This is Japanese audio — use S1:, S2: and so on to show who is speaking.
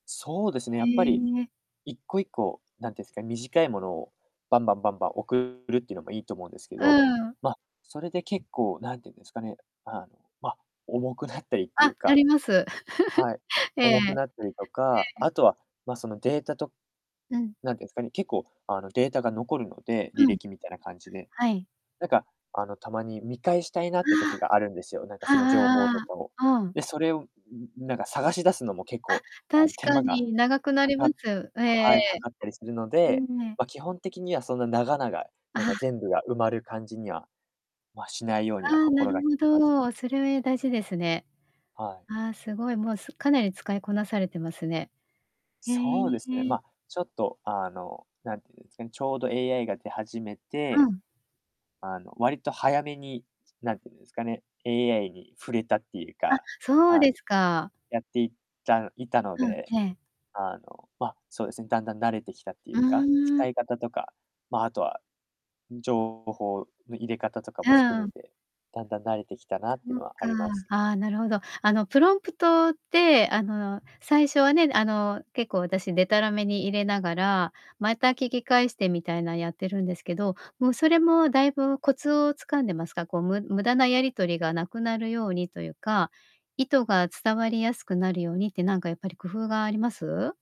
S1: そうですね、やっぱり
S2: へえ。
S1: 1個-1個、なんて言うんすか、短いものをバンバンバンバン送るっていうのもいいと思うんですけど、
S2: うん。
S1: ま、それで結構なんて言うんですかね、あの、ま、重くなったりってい
S2: あ、
S1: う
S2: あ
S1: か、
S2: ります。
S1: はい、
S2: ええ、
S1: 重くなっ
S2: え
S1: たりとか。
S2: え。
S1: あとは、ま、そのデータと
S2: うん。
S1: なんて言うんすかね、結構、あの、データが残るので、履
S2: うん。
S1: 歴みたいな感じで。
S2: はい。
S1: なんか、あの、たまに見返したいなって時があるんですよ、なんか
S2: ああ、あ
S1: その情報
S2: あああああ
S1: とかを。
S2: ああ、ああ。
S1: で、それを、ん、なんか探し出すのも結
S2: あ、
S1: 構、あ
S2: 確
S1: の、手
S2: か
S1: 間が
S2: に長くな
S1: か
S2: りま
S1: か
S2: す。ええええ
S1: はい、
S2: え
S1: かかったりするの
S2: え。
S1: で、
S2: ええ。
S1: ま、基本的にはそんな長々、なん
S2: あ
S1: か
S2: あ。
S1: 全部が埋まる感じには、ま、しないようには
S2: ああ、な
S1: 心
S2: る
S1: が
S2: ほ
S1: けてます。
S2: ど。それ、大事ですね。
S1: はい。
S2: ああ、すごいもう、すかなり使いこなされてますね。へ
S1: そうですね、
S2: え。
S1: ま、ちょっと、あの、なんていうんですかね、ちょうど AI が出始め
S2: う
S1: て、
S2: ん。
S1: あの、割と早めに、なんて言うんですかね、AI に触れたっていう
S2: あ、
S1: か、
S2: そう
S1: あ
S2: で
S1: の、
S2: すか。
S1: やっていったいたの
S2: うん、
S1: で、
S2: ええ。
S1: あの、ま、そうですね、だんだん慣れてきたってい
S2: う
S1: うか、使
S2: ん。
S1: い方とか、ま、あとは、情報の入れ方とか
S2: う
S1: も含め
S2: ん。
S1: て、だんだん慣れてきたなってい
S2: そ
S1: う
S2: っ
S1: のはあ
S2: か。
S1: ります。
S2: あ、なるほど。あのプロンプトって、あの、最初はね、あの、結構私でたらめに入れながら、また聞き返してみたいなやってるんですけど、もうそれもだいぶコツを掴んでますか？こうむ無駄なやり取りがなくなるようにというか、意図が伝わりやすくなるようにってなんかやっぱり工夫があります？